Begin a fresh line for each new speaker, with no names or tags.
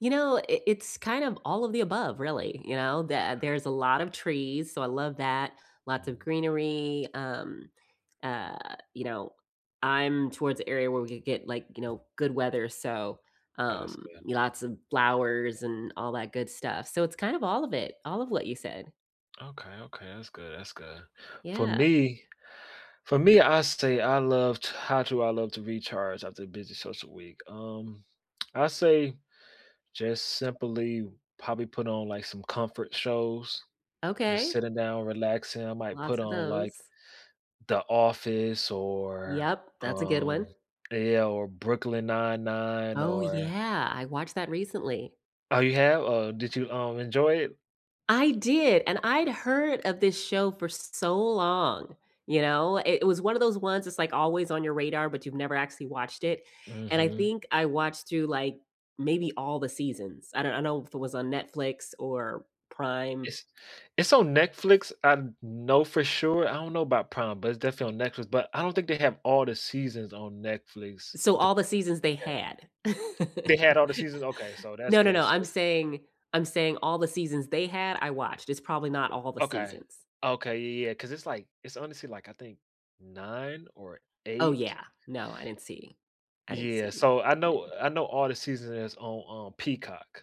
You know, i it's kind of all of the above, really, you know? That
Okay.
there's a lot of trees, so I love that, lots of
Mhm.
greenery, um uh, you know, I'm towards the area where we could get, like, you know, good weather, so,
Oh, that's
um,
good.
lots of flowers and all that good stuff, so it's kind of all of it all of what you said.
Okay, okay, that's good, that's good, for
Yeah.
me for me, I say I loved how do I love to recharge after a busy social week? Um, I say just simply probably put on, like, some comfort shows, just
Okay.
sitting down, relaxing, I might put
Lots of
on, like,
those.
The Office or,
Yep, that's a good one.
um yeah or Brooklyn 99
Oh
or
yeah, I watched that recently.
oh, you have? Uh, did you, um, enjoy it?
I did, and I'd heard of this show for so long, you know? I it was one of those ones, that's, like, always on your radar, but you've never actually watched it, and I
Mhm.
think I watched through, like, maybe all the seasons, I don't I don't know if it was on Netflix or Prime.
It's it's on Netflix, I kn know for sure, I don't know about Prime, but it's definitely on Netflix, but I don't think they have all the seasons on Netflix,
So,
the
all the seasons they
yeah.
had.
They had all the seasons? Okay, so that's
No, no,
good,
no,
so
I'm saying I'm saying all the seasons they had, I watched, it's probably not all the
Okay.
seasons.
Okay, ye yeah, 'cause it's, like it's honestly, like, I think 9? Or
Oh
8?
yeah, no, I didn't see I didn't
Yeah,
see
so I know
many.
I know all the season is on on Peacock.